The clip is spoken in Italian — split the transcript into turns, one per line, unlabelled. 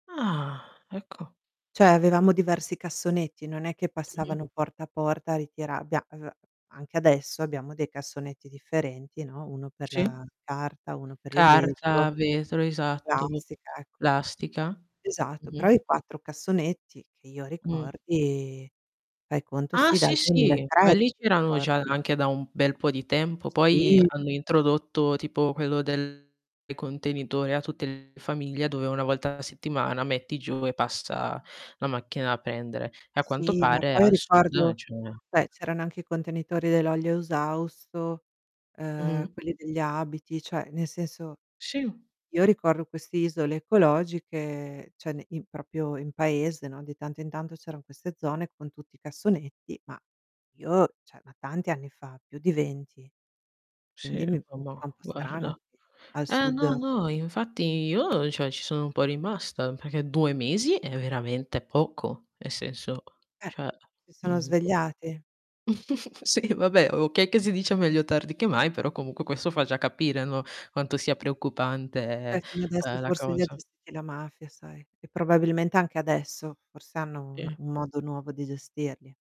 Ah, ecco.
Cioè, avevamo diversi cassonetti, non è che
Mh-mh.
passavano porta a porta a ritira abbia uhm, anche adesso abbiamo dei cassonetti differenti, no, 1 per la
Sì.
carta, 1 per il
Carta,
vetro,
vetro,
la
esatto, v
plastica, ecco.
plastica.
Esatto, però
Mh-mh.
i 4 cassonetti, che io
Mh.
ricordi, fai conto,
Ah
sì, dal
sì,
duemila e
sì,
tre,
quelli
se
c'erano già
ricordi.
anche da un bel po' di tempo, poi
Sì.
hanno introdotto, tipo quello del contenitore a tutte le famiglie, dove 1 volta alla settimana metti giù e passa la macchina a pendere. A quanto
Sì, ma
pare
poi
al sud
ricordo
c'è
beh, c'erano anche i contenitori dell'olio esausto, uhm,
Mh-mh.
quelli degli abiti, cioè, nel senso,
Sì.
io ricordo queste isole ecologiche, cioè ne i proprio in paese, no, di tanto in tanto c'eran queste zone con tutti i cassonetti, ma io cioè ma tanti anni fa, più di 20.
Sì,
Quindi
e
mi
va
fa un
mo
po' strano
guarda.
al
Ah,
sud
no, no, infatti io cioè ci sono un po' rimasta, perché 2 mesi è veramente poco, nel senso
Eh,
cioè
eh, si sono
mhmm
svegliati.
sì, vabbè, okay che si dice "meglio tardi che mai", però comunque questo fa già capire, no, quanto sia preoccupante,
Beh, fino adesso
uhm, la
forse li ha
cosa.
gestiti la mafia sai, e probabilmente anche adesso, forse hanno un
Eh.
un modo nuovo di gestirli.